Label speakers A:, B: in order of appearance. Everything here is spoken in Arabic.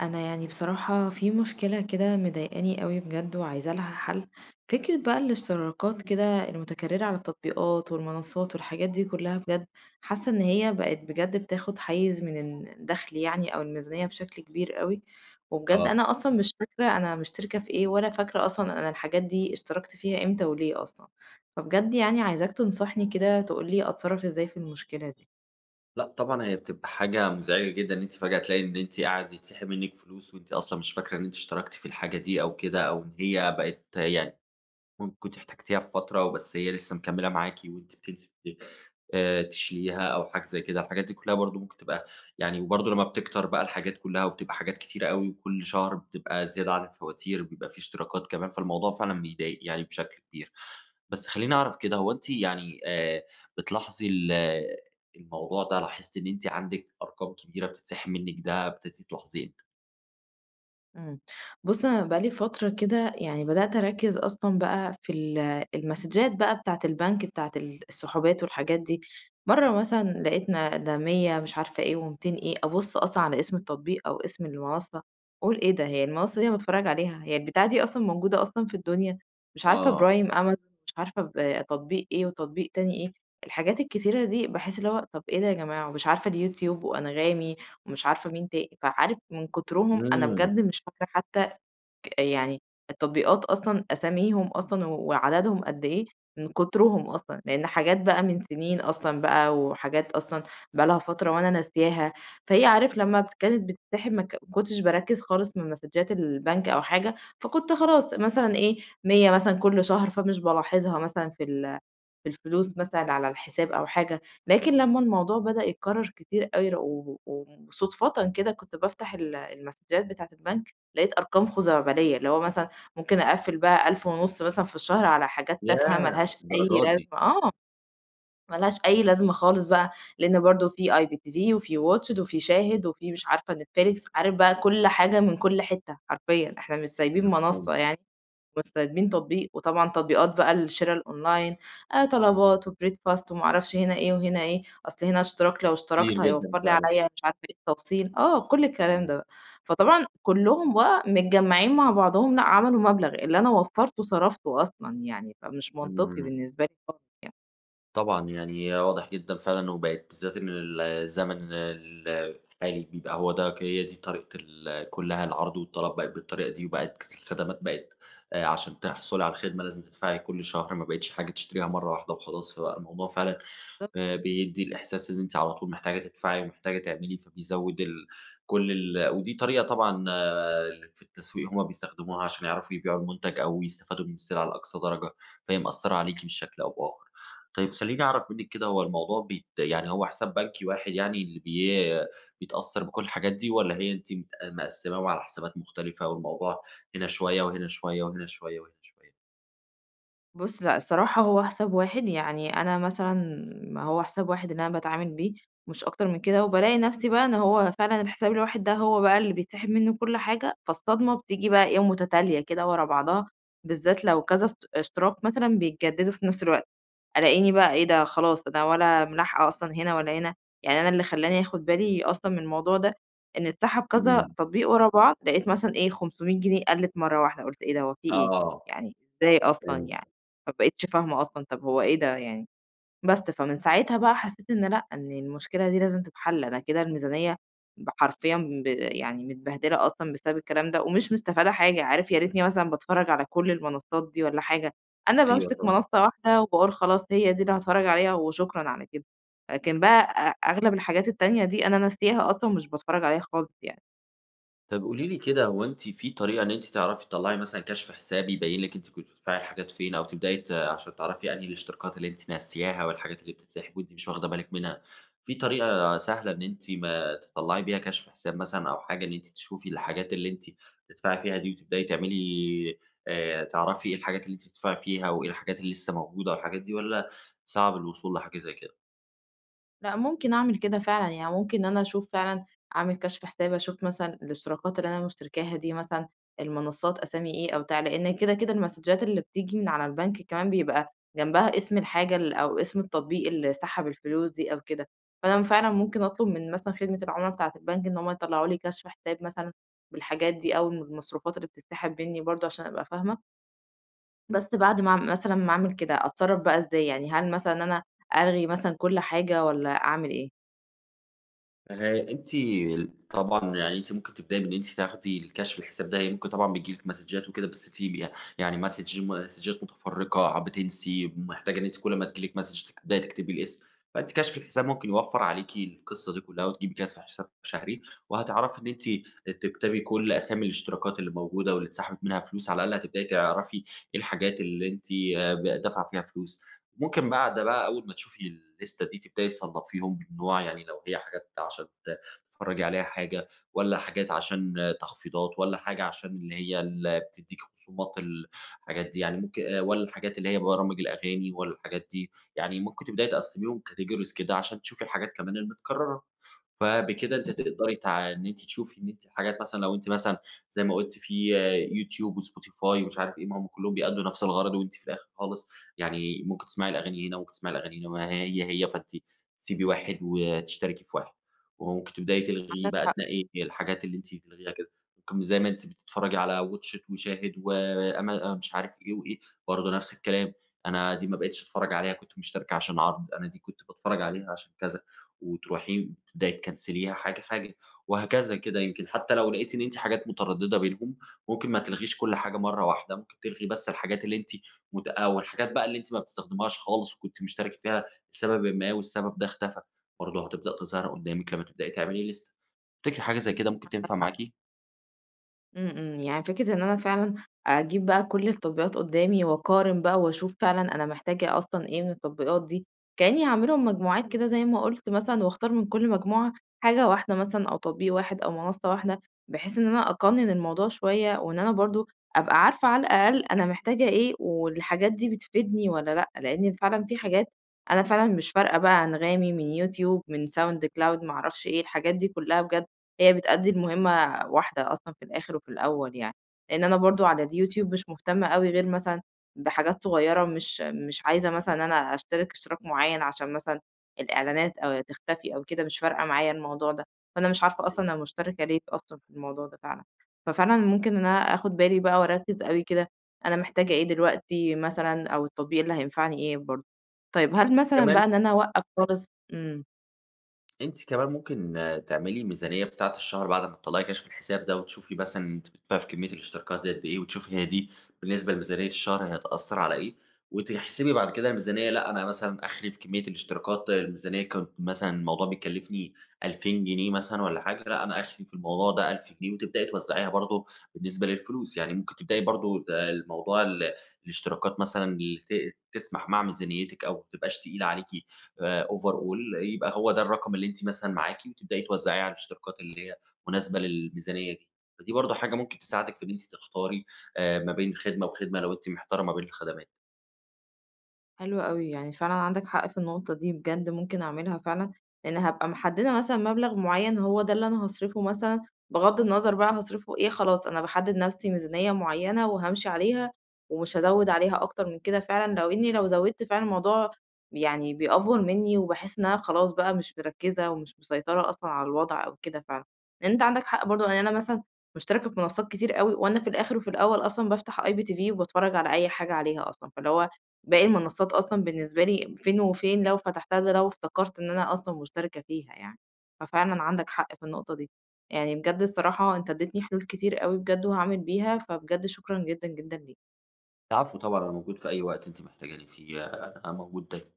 A: أنا يعني بصراحة في مشكلة كده مضايقاني أوي بجد وعايزة لها حَل، فكرة بقى الاشتراكات كده المتكررة على التطبيقات والمنصات والحاجات دي كلها بجد، حاسة إن هي بقت بجد بتاخد حيّز من ال الدخل يعني أو الميزانية بشكل كبير أوي وبجد
B: آه.
A: أنا أصلًا مش فاكرة أنا مشتركة في إيه ولا فاكرة أصلًا أنا الحاجات دي اشتركت فيها امتى وليه أصلًا! فبجد يعني عايزاك تنصحني كده تقول لي أتصرف إزاي في المشكلة دي؟
B: لأ، طبعًا هي بتبقى حاجة مزعجة جدًا إن أنتِ فجأة تلاقي إن أنتِ قاعد يتسحِب منِك فلوس وأنتِ أصلًا مش فاكرة إن أنتِ اشتركتِ في الحاجة دي أو كده أو هي بقت يعني ممكن كنتِ احتاجتيها في فترة وبس هي لسه مكملة معاكِ وأنتِ بتنسي بت آآ تشيليها أو حاجة زي كده، الحاجات دي كلها برضه ممكن تبقى يعني وبرضه لمّا بتكتر بقى الحاجات كلها وبتبقى حاجات كتيرة أوي وكل شهر بتبقى زيادة على الفواتير، بيبقى في اشتراكات كمان، فالموضوع فعلًا بيضايق يعني بشكل كبير. بس خلّيني أعرف كده هو أنتِ يعني آآ بتلاحظي ال الموضوع ده لاحظتِ إن أنتِ عندِك أرقام كبيرة بتتسحب منِك؟ ده ابتديتِ تلاحظيه إمتى؟
A: إمم، بُصّ أنا بقى لي فترة كده، يعني بدأت أركّز أصلًا بقى في ال المسدجات بقى بتاعة البنك بتاعة ال السحوبات والحاجات دي، مَرّة مثلًا لقيتنا ده 100 مش عارفة إيه و200 إيه، أبُصّ أصلًا على اسم التطبيق أو اسم المنصّة، أقول: "إيه ده هي المنصّة دي أنا باتفرّج عليها، هي البتاعة دي أصلًا موجودة أصلًا في الدنيا؟!" مش عارفة
B: آه.
A: برايم أمازون، مش عارفة ب تطبيق إيه وتطبيق تاني إيه، الحاجات الكثيرة دي باحس اللي هو طب إيه ده يا جماعة، ومش عارفة اليوتيوب وأنغامي ومش عارفة مين تا فعارف من كترهم أنا
B: إمم.
A: بجد مش فاكرة حتّى ك يعني التطبيقات أصلًا أساميهم أصلًا وعددهم قد إيه، من كترهم أصلًا، لإن حاجات بقى من سنين أصلًا بقى وحاجات أصلًا بقى لها فترة وأنا ناسياها، فهي عارف لمّا كانت بتتسحب ما ك ما كنتش باركّز خالص من مسدجات البنك أو حاجة، فكنت خلاص مثلًا إيه، 100 مثلًا كلّ شهر فمش بالاحظها مثلًا في ال في الفلوس مثلًا على الحساب أو حاجة، لكن لمّا الموضوع بدأ يتكرّر كتير اوي و وصدفةً كده كنت بافتح ال المسدجات بتاعة البنك، لقيت أرقام خزعبلية، اللي هو مثلًا ممكن أقفل بقى ألف ونُص مثلًا في الشهر على حاجات تافهة ما
B: ياه!
A: لهاش أي
B: للدرجة
A: لازمة
B: دي!
A: آه، ما لهاش أي لازمة خالص بقى، لإن برضه في IPTV وفي Watch it وفي شاهد وفي مش عارفة نتفليكس، عارف بقى كلّ حاجة من كلّ حتّة حرفيًا، إحنا مش سايبين منصّة
B: مفهوم.
A: يعني، مش سايبين تطبيق، وطبعًا تطبيقات بقى الشرا الOnline، آآ طلبات وBreadfast وما أعرفش هنا إيه وهنا إيه، أصل هنا اشتراك لو
B: كتير
A: اشتركت
B: جدًا،
A: هيوفّر لي
B: فعلًا.
A: عليَّ مش عارفة إيه التوصيل، آه كلّ الكلام
B: إمم.
A: ده؛ فطبعًا كلّهم بقى متجمّعين مع بعضهم لأ عملوا مبلغ، اللي أنا وفّرته صرفته أصلًا يعني، فمش منطقي
B: إمم.
A: بالنسبة لي خالص يعني.
B: طبعًا، يعني واضح جدًا فعلًا وبقت بالذات إن ال الزمن ال الحالي بيبقى هو ده ك هي دي طريقة ال كُلّها العرض والطلب بقت بالطريقة دي وبقت الخدمات بقت آآ عشان تحصُلي على الخدمة لازم تدفعي كل شهر، ما بقيتش حاجة تشتريها مرة واحدة وخلاص، فبقي الموضوع فعلًا
A: [unintelligible]
B: آآ بيدّي الإحساس إن أنتِ على طول محتاجة تدفعي ومحتاجة تعملي، فبيزوِّد ال كل ال ودي طريقة طبعًا اللي في التسويق هم بيستخدموها علشان يعرفوا يبيعوا المُنتج أو يستفادوا من السلعة لأقصى درجة، فهي مأثّرة عليكِ بشكل أو بآخَر. طيب خلّيني أعرف منِّك كده هو الموضوع بيت يعني هو حساب بنكي واحد يعني اللي بي بيتأثّر بكل الحاجات دي والّا هي أنتِ مت مقسّماهم على حسابات مختلفة والموضوع هنا شوية وهنا شوية وهنا شوية وهنا شوية؟
A: بُص لأ، الصراحة هو حساب واحد. يعني أنا مثلًا ما هو حساب واحد اللي أنا باتعامل بيه مش أكتر من كده، وبالاقي نفسي بقى إن هو فعلًا الحساب الواحد ده هو بقى اللي بيتسحب منّه كل حاجة، فالصدمة بتيجي بقى إيه، مُتتالية كدة ورا بعضها، بالذات لو كذا است اشتراك مثلًا بيتجدّدوا في نفس الوقت، ألاقيني بقى إيه ده خلاص ده ولا ملاحقة أصلًا هنا ولا هنا، يعني أنا اللي خلّاني آخُد بالي أصلًا من الموضوع ده، إن اتسحب كذا
B: إمم.
A: تطبيق ورا بعض، لقيت مثلًا إيه، 500 جنيه قَلِّت مرّة واحدة، قُلت إيه ده، هو في إيه؟!
B: آه.
A: يعني إزاي أصلًا يعني؟
B: فهمتِك.
A: ما بقيتش فاهمة أصلًا، طَب هو إيه ده يعني؟ بس، فمن ساعتها بقى حسّيت إن لأ، إن المشكلة دي لازم تتحَل، أنا كده الميزانية ب حرفيًا ب يعني متبهدلة أصلًا بسبب الكلام ده ومش مستفادة حاجة، عارف ياريتني مثلًا باتفرّج على كل المنصّات دي والّا حاجة، أنا
B: أيوه
A: بامسك
B: طبعًا.
A: منصّة واحدة وباقول خلاص هي دي اللي هاتفرّج عليها وشكرًا على كده، لكن بقى أ أغلب الحاجات التانية دي، أنا ناسياها أصلًا مش باتفرّج عليها خالص يعني.
B: طب قولي لي كده، هو أنتِ في طريقة إن أنتِ تعرفي تطَلَّعي مثلًا كشف حساب، يبَيِّن لكِ أنتِ كنتِ بتدفعي الحاجات فين؟ أو تبدئي ت عشان تعرفي أنهي الاشتراكات اللي أنتِ ناسياها، والحاجات اللي بتتسحب وأنتِ مش واخدة بالك منها. في طريقة سهلة إن أنتِ ما تطلعي بيها كشف حساب مثلًا أو حاجة إن أنتِ تشوفي الحاجات اللي أنتِ بتدفعي فيها دي، وتبدئي تعملي آآ، تعرفي إيه الحاجات اللي أنتِ بتدفعي فيها، وإإيه الحاجات اللي لسه موجودة، والحاجات دي، والَّا صعب الوصول لحاجة زي كده؟
A: لأ، ممكن أعمل كده فعلًا، يعني ممكن أنا أشوف فعلًا أعمل كشف حساب، أشوف مثلًا الإشتراكات اللي أنا مشتركاها دي مثلًا، المنصات أسامي إيه أو بتاع. لأن كده، كده المسدچات اللي بتيجي من على البنك كمان بيبقى جنبها اسم الحاجة ال أو اسم التطبيق اللي سحب الفلوس دي أو كده، فأنا فعلًا ممكن أطلب من مثلًا خدمة العُمَلا بتاعت البنك إن هم يطلعوا لي كشف حساب مثلًا بالحاجات دي، أو المَ المصروفات اللي بتتسحب منّي برضه عشان أبقى فاهمة. بس بعد ما أعْم مثلًا ما أعمل كده أتصرف بقى إزاي؟ يعني هل مثلًا أنا ألغي مثلًا كل حاجة، والَّا أعمل إيه؟
B: أه أنتِ طبعًا يعني أنتِ ممكن تبدئي إن أنتِ تاخدي الكشف الحساب ده، يعني ممكن طبعًا بيجِي لكِ مسدچات وكده، بس تيجي يعني مسدچ مسدچات مُتفرقة، بتنسي ومحتاجة إن أنتِ كل أما تيجِي لكِ مسدچ تبدئي تكتبي الاسم. فأنتِ كشف الحساب ممكن يوفّر عليكِ القصة دي كلها، وتجيبي كشف حساب شهري، وهتعرفي إن أنتِ تكتبي كل أسامي الاشتراكات اللي موجودة واللي اتسحبت منها فلوس، على الأقل هتبدئي تعرفي إيه الحاجات اللي أنتِ ب دافعة فيها فلوس، ممكن بعد بقى أول ما تشوفي اللِيسْتَة دي تبدئي تصنَّفيهم بالنوع يعني، لو هي حاجات عشان تتفرجي عليها حاجة، والَّا حاجات عشان تخفيضات؟ والَّا حاجة عشان اللي هي اللي بتديكِ خصومات الحاجات دي يعني ممكن، والَّا الحاجات اللي هي برامج الأغاني، والَّا الحاجات دي يعني، ممكن تبدئي تقسِّميهم categories كده عشان تشوفي الحاجات كمان المتكررة. فبكده أنتِ
A: امم.
B: هتقدري تع إن أنتِ تشوفي إن أنتِ حاجات مثلًا لو أنتِ مثلًا زي ما قُلْتِ في Youtube وSpotify ومش عارف إيه، ما هم كلهم بيأدُّوا نَفْس الغَرض، وأنتِ في الآخر خالص يعني ممكن تسمعي الأغاني هنا، ممكن تسمعي الأغاني هنا ما هي هي فأنتِ سيبي واحد وتشتركي في واحد، وممكن تبدئي تلغي
A: عندك
B: بقى
A: حق.
B: تنقِّي الحاجات اللي أنتِ تلغيها كده ممكن زي ما أنتِ بتتفرجي على Watchit وShahid وأما مش عارف إيه، وإيه برضه نفس الكلام، أنا دي ما بقيتش أتفرج عليها كنت مشتركة عشان عرض، أنا دي كنت باتفرج عليها عشان كذا، وتروحي تبدئي تكنسليها حاجة، حاجة وهكذا كده. يمكن حتى لو لقيتي إن أنتِ حاجات مترددة بينهم، ممكن ما تلغيش كل حاجة مرّة واحدة ممكن تلغي بس الحاجات اللي أنتِ مت آآ، والحاجات بقى اللي أنتِ ما بتستخدميهاش خالص، وكنتِ مشتركة فيها لسببٍ ما والسبب ده اختفى، برضه هتبدأ تظهر قدّامِك لما تبدئي تعملي لِيسْتَة. تفتكري حاجة زي كده ممكن
A: عندك
B: تنفع
A: حق.
B: معاكِ؟
A: إمم، إمم. يعني فكرة إن أنا فعلًا أجيب بقى كل التطبيقات قُدّامي وأقارن بقى وأشوف فعلًا أنا محتاجة أصلًا إيه من التطبيقات دي، كإنّي هاعملهم مجموعات كده زي ما قُلت مثلًا وأختار من كل مجموعة حاجة واحدة مثلًا أو تطبيق واحد أو منصّة واحدة، بحيث إن أنا أقَنِّن الموضوع شوية وإن أنا برضه أبقى عارفة على الأقل أنا محتاجة إيه والحاجات دي بتفيدني والّا لأ. لإنّي فعلًا في حاجات أنا فعلًا مش فارقة بقى أنغامي من يوتيوب من sound cloud ما أعرفش إيه، الحاجات دي كُلّها بجد، هي بتؤدّي المهمة واحدة أصلًا في الآخِر وفي الأول يعني. لإن أنا برضه على اليوتيوب مش مهتمة أوي غير مثلًا بحاجات صغيرة ومش مش عايزة مثلًا أنا أشترِك اشتراك معيّن عشان مثلًا الإعلانات آآ تختفي أو كده مش فارقة معايا الموضوع ده. فأنا مش عارفة
B: [unintelligible]
A: أصلًا أنا مُشتَرِكة ليه أصلًا في الموضوع ده فعلًا. ففعلًا ممكن إن أنا آخُد بالي بقى وأركِّز أوي كده، أنا محتاجة إيه دلوقتي مثلًا أو التطبيق اللي هينفعني إيه برضه. طيب، هل مثلًا
B: كمان
A: بقى إن أنا أوقّف خالص إمم.
B: أنتِ كمان ممكن تعملي ميزانية بتاعة الشهر بعد ما تطلّعي كَشْف الحساب ده وتشوفي مثلًا أنتِ بتدفعي في كمّية الاشتراكات ديّة قَد إيه وتشوفي هي دي بالنسبة لميزانية الشهر هتأثّر على إيه وتحسبي بعد كده الميزانية لأ، أنا مثلًا أَخري في كمّية الاشتراكات الميزانية ك مثلًا الموضوع بيكلّفني 2000 جنيه مثلًا والّا حاجة، فلأ أنا أخري في الموضوع ده 1000 جنيه وتبدئي توّزعيها برضه بالنسبة للفلوس. يعني ممكن تبدئي برضه ده الموضوع ال الاشتراكات مثلًا اللي ت تسْمَح مع ميزانيتِك أو ما تبقاش تقيلة عليكِ آآ overall، يبقى هو ده الرقم اللي أنتِ مثلًا معاكِ وتبدئي توزَّعيه على الاشتراكات اللي هي مناسبة للميزانية دي. فدي برضه حاجة ممكن تساعدِك في إن أنتِ تختاري آآ ما بين خدمة وخدمة لو أنتِ مِحتارة ما بين الخَدَمات.
A: حلو أوي، يعني فعلًا عندك حق في النقطة دي بجد ممكن أعملها فعلًا، لإن هابقى محدّدة مثلًا مبلغ معيّن هو ده اللي أنا هاصرِفه مثلًا بِغَض النظر بقى هاصرِفه إيه خلاص، أنا باحدّد نَفْسي ميزانية معيّنة وهامشي عليها ومش هازوِّد عليها أكتر من كده فعلًا لو إنّي لو زوِّدت فعلًا الموضوع يعني بيأفور منّي وباحِس إن أنا خلاص بقى مش مركِّزة ومش مسيطرة أصلًا على الوضع أو كده فعلًا. لإن أنت عندك حق برضه، يعني أنا مثلًا مُشتَرِكة في منصّات كتير أوي وأنا في الآخِر وفي الأول أصلًا بافتح IPTV وباتفرّج على أي حاجة عليها أصلًا، فاللي هو باقي المنصّات أصلًا بالنسبة ليّا فين وفين لو فتحتها ده لو افتكرت إن أنا أصلًا مُشتَرِكة فيها يعني، ففعلًا عندك حق في النقطة دي. يعني بجد الصراحة أنت ادّتني حلول كتير أوي بجد وهاعمل بيها، فبجد شكرًا جدًا، جدًا ليك.
B: العفو طبعًا، أنا موجود في أي وقت أنتِ محتاجاني فيه، أنا موجود داي